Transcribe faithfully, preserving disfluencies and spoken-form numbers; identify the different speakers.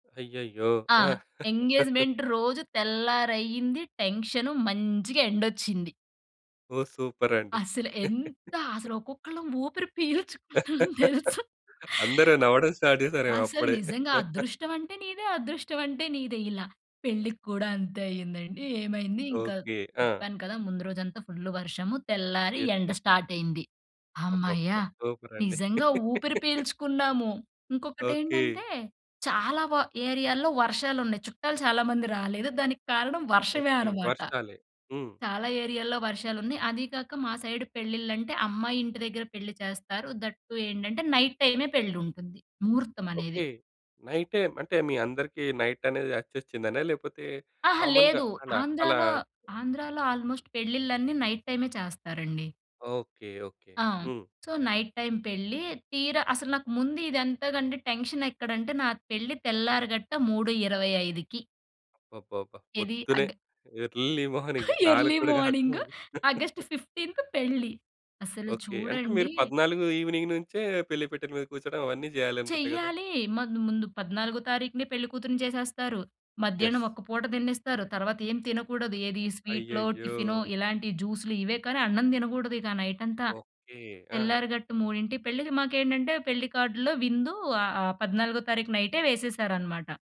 Speaker 1: అయ్యయ్యో!
Speaker 2: ఆ!
Speaker 1: ఆ!
Speaker 2: ఎంగేజ్మెంట్ రోజు తెల్లారయింది, టెన్షను, మంచిగా ఎండొచ్చింది.
Speaker 1: ఓహ్! సూపర్ అండి.
Speaker 2: అసలు ఎంత అసలు ఒక్కొక్కళ్ళం ఊపిరి పీల్చుకున్నాం తెలుసా.
Speaker 1: అందరు నవ్వడం స్టార్ట్ జేసారేమో
Speaker 2: అసలు
Speaker 1: అప్పుడే.
Speaker 2: నిజంగా "అదృష్టం అంటే నీదే అదృష్టం అంటే నీదే", ఇలా పెళ్ళికి కూడా అంతే అయిందండి. ఏమైంది ఇంకా
Speaker 1: ఓకె. ఆ!
Speaker 2: చెప్పాను కదా! ముందు రోజంతా ఫుల్లు వర్షము. తెల్లారి
Speaker 1: యెస్.
Speaker 2: ఎండ
Speaker 1: యెస్.
Speaker 2: స్టార్ట్ అయింది. హమ్మయ్య!
Speaker 1: అబ్బబ్బబ్బా! సూపర్ అండి.
Speaker 2: నిజంగా ఊపిరి పీల్చుకున్నాము.
Speaker 1: ఓకే.
Speaker 2: ఇంకొకటేంటంటే చాలా వ ఏరియాలో వర్షాలున్నాయి, చుట్టాలు చాలామంది రాలేదు, దానికి కారణం వర్షమే
Speaker 1: ఓకే.
Speaker 2: అనమాట.
Speaker 1: వర్షాలే హ్మ్.
Speaker 2: చాలా ఏరియాల్లో వర్షాలు ఉన్నాయి. అది కాక మా సైడు పెళ్ళిళ్ళంటే అమ్మాయి ఇంటి దగ్గర పెళ్లి చేస్తారు. దట్ టు ఏంటంటే నైట్ టైమే పెళ్లి ఉంటుంది ముహూర్తం అనేది.
Speaker 1: ఓకే. నైట్ అంటే మీ అందరికి నైట్ అనేది అచ్చొచ్చిందనా? లేకపోతే
Speaker 2: ఆహా!
Speaker 1: కామన్‌గా
Speaker 2: లేదు
Speaker 1: అలా అలా
Speaker 2: ఆంధ్రాలో ఆంధ్రాలో ఆల్మోస్ట్ పెళ్ళిళ్ళన్నీ నైట్ టైమే చేస్తారండి
Speaker 1: ఓకే. ఓకే.
Speaker 2: ఆ!
Speaker 1: హ్మ్.
Speaker 2: సో, నైట్ టైమ్ పెళ్లి తీరా అసలు నాకు ముందు ఇంతకంటే టెన్షన్ ఎక్కడంటే నా పెళ్లి తెల్లారి గట్ట మూడు ఇరవై ఐదుకి.
Speaker 1: అబ్బబ్బాబ్బా!
Speaker 2: ఏది
Speaker 1: పొద్దున్నే,
Speaker 2: అగ్
Speaker 1: ఎర్లీ మార్నింగ్ నాలుగు
Speaker 2: ఎర్లీ
Speaker 1: కూడా
Speaker 2: మార్నింగు
Speaker 1: కాకముందు.
Speaker 2: ఆగస్ట్ ఫిఫ్టీంత్ పెళ్లి. అసలు
Speaker 1: ఓకే. అంటే మీరు
Speaker 2: చూడండి
Speaker 1: పద్నాలుగు ఈవినింగ్ నుంచే పెళ్లి పీటల మీద కూర్చోడం అవన్నీ జేయాలనుకుంటా గదా!
Speaker 2: చెయ్యాలి. మాకు ముందు పద్నాలుగో తారీఖునే పెళ్ళికూతురుని చేసేస్తారు,
Speaker 1: యెస్.
Speaker 2: మధ్యాహ్నం ఒక పూట తిన్నిస్తారు, తర్వాత ఏం తినకూడదు. ఏది స్వీట్లో,
Speaker 1: అయ్యయ్యో!
Speaker 2: టిఫినో ఇలాంటి జ్యూసులు ఇవే కానీ అన్నం తినకూడదు. ఇక నైట్ అంతా,
Speaker 1: ఓకే. ఆ!
Speaker 2: తెల్లారి గట్టు మూడింటికి పెళ్ళి. మాకేంటంటే పెళ్లి కార్డులో విందు ఆహ్, పద్నాలుగో తారీఖు నైటే వేసేసారనమాట.